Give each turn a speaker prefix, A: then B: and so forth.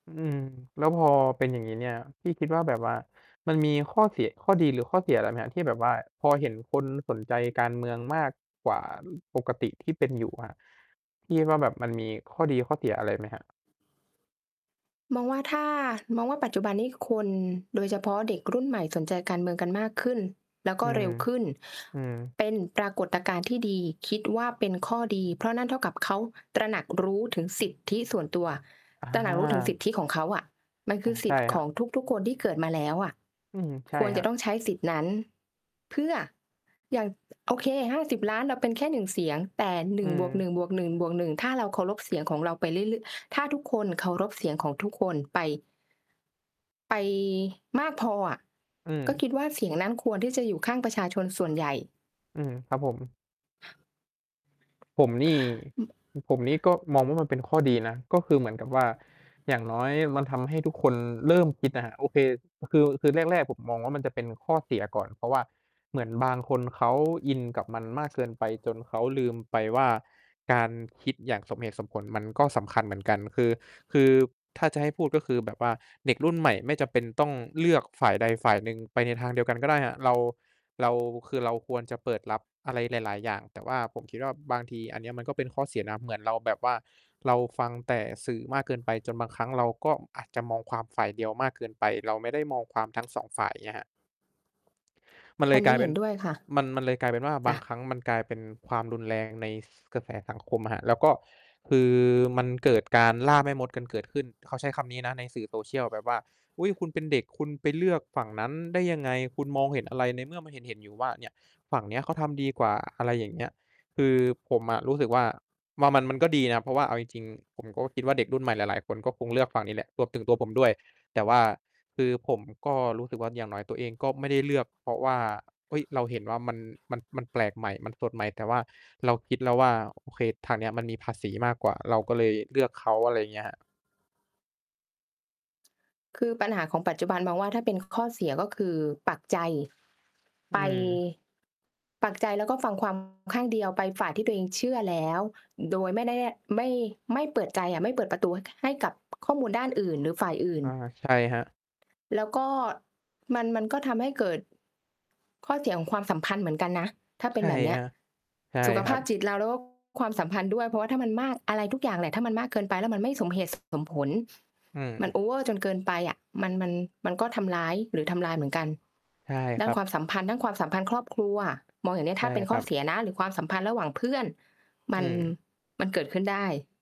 A: อืม แล้วพอเป็นอย่างงี้เนี่ย พี่คิดว่าแบบว่า มันมีข้อเสีย ข้อดีหรือข้อเสียอะไรไหมครับ ที่แบบว่าพอเห็นคนสนใจการเมืองมากกว่าปกติที่เป็นอยู่ครับ พี่คิดว่าแบบมันมีข้อดีข้อเสียอะไรไหมครับ?
B: มองว่าถ้า มองว่าปัจจุบันนี้คน โดยเฉพาะเด็กรุ่นใหม่สนใจการเมืองกันมากขึ้น แล้วก
A: อ
B: ็เร็วขึ้น
A: ือ ๆ
B: เป็นปรากฏการณ์ที่ดี คิดว่าเป็นข้อดี เพราะนั่นเท่ากับเขาตระหนักรู้ถึงสิทธิส่วนตัว ตระหนักรู้ถึงส
A: อ
B: ิ
A: า
B: ทธิของเขาอะ มันค
A: อะ
B: ือส
A: ใช
B: ิ
A: ่
B: ทธิ์
A: คร
B: ข
A: ับ
B: องทุก ๆ คนที่เกิดมาแล้วอะ
A: อืม ใช่
B: ควร
A: คร
B: จะ
A: ั
B: ต
A: บ
B: ้องใช้สิทธิ์นั้น เพื่อ อย่าง โอเค 50,000,000 เราเป็นแค่ 1 เสียง แต่ หน
A: อ
B: ึ
A: ื
B: ่งบวก
A: ม
B: หนึ่งบวกหนึ่งบวกหนึ่ง ถ้าเราเคารพเสียงของเราไปเรื่อยลึ ถ้าทุกคนเคารพเสียงของทุกคนไป ไปมากพออะ
A: อื
B: ก็
A: ม
B: คิดว่าเสียงนั้นควรที่จะอยู่ข้างประชาชนส่วนใหญ่
A: อืม ครับผม ผมนี่
B: อ
A: ผมนี่ก็มองว่ามันเป็นข้อดีนะ ก็คือเหมือนกับว่า อย่างน้อยมันทำให้ทุกคนเริ่มคิดนะครับ โอเค คือ คือแรก ๆ ผมมองว่ามันจะเป็นข้อเสียก่อน เพราะว่าเหมือนบางคนเขาอินกับมันมากเกินไปจนเขาลืมไปว่า การคิดอย่างสมเหตุสมผล มันก็สำคัญเหมือนกัน คือ คือถ้าจะให้พูด ก็คือแบบว่าเด็กรุ่นใหม่ไม่จำเป็นต้องเลือกฝ่ายใดฝ่ายหนึ่งไปในทางเดียวกันก็ได้อะ เรา เรา คือเราควรจะเปิดรับอะไรหลาย ๆ อย่าง แต่ว่าผมคิดว่า บางทีอันนี้มันก็เป็นข้อเสียนะ เหมือนเราแบบว่าเราฟังแต่สื่อมากเกินไป จนบางครั้งเราก็อาจจะมองความฝ่ายเดียวมากเกินไป เราไม่ได้มองความทั้ง 2 ฝ่ายเนี่ยครับ มันเล
B: อั
A: ย
B: นน
A: กล
B: ี้
A: ายเป
B: เห
A: ็
B: ็
A: น
B: นด้วยค่ะ
A: มัน มันเลยกลายเป็นว่า บ
B: จ
A: า
B: ้ะ
A: งครั้งมันกลายเป็นความรุนแรงใน กระแสสังคมอะครับ แล้วก็คือ มันเกิดการล่าแม่มดกันเกิดขึ้น เขาใช้คำนี้นะในสื่อ social แบบว่า อุ้ย คุณเป็นเด็กคุณไปเลือกฝั่งนั้นได้ยังไง คุณมองเห็นอะไร ในเมื่อมันเห็น ๆ อยู่ว่า เนี่ย ฝั่งนี้เขาทำดีกว่า อะไรอย่างเงี้ย คือผมอะรู้สึกว่า ว่ามัน มันก็ดีนะ เพราะว่า เอาจริง ๆ ผมก็คิดว่า เด็กรุ่นใหม่หลาย ๆ คนก็คงเลือกฝั่งนี้แหละ รวมถึงตัวผมด้วย แต่ว่าคือผมก็รู้สึกว่า อย่างน้อยตัวเองก็ไม่ได้เลือกเพราะว่า เฮ้ย เราเห็นว่ามัน มัน มันแปลกใหม่ มันสดใหม่ แต่ว่าเราคิดแล้วว่า โอเค ทางเนี้ยมันมีภาษีมากกว่า เราก็เลยเลือกเขา อะไรอย่างเงี้ยครับ
B: คือปัญหาของปัจจุบันมองว่า ถ้าเป็นข้อเสีย ก็คือปักใจ
A: อ
B: ไ
A: ื
B: ป
A: ม
B: ปักใจแล้วก็ฟัง ความ ข้างเดียวไปฝ่ายที่ตัวเองเชื่อแล้ว โดยไม่ได้ ย ไม่ ไม่เปิดใจอะ ไม่เปิดประตูให้กับข้อมูลด้านอื่นหรือฝ่ายอื่
A: อ
B: น
A: า ใช่ครับ
B: แล้วก็มัน มันก็ทำให้เกิดข้อเสียของความสัมพันธ์เหมือนกันนะถ้าเป
A: ใ
B: ็
A: ช
B: น
A: ่
B: แบบเน
A: ค
B: ี้
A: ร
B: ย
A: ับ ใช่
B: สุข
A: คร
B: ภ
A: ั
B: า
A: บ
B: พจิตเรา แล้วก็ความสัมพันธ์ด้วยเพราะว่าถ้ามันมาก อะไรทุกอย่างแหละถ้ามันมากเกินไปแล้วมันไม่สมเหตุ สมผล
A: อื
B: มัน
A: ม
B: โอเวอร์จนเกินไปอะ มัน มัน มันก็ทำร้ายหรือทำลายเหมือนกัน
A: ใช่
B: ด้
A: ค
B: า
A: รั
B: นค
A: บ
B: วามสัมพันธ์ ด้านความสัมพันธ์ครอบครัว มองอย่างเนี้ย
A: ใช
B: ถ้
A: ่
B: าเป็น
A: ค
B: ข้
A: ร
B: อ
A: ับ
B: เสียนะ หรือความสัมพันธ์ระหว่างเพื่อน ม
A: อื
B: ัน
A: ม
B: มันเกิดขึ้นได้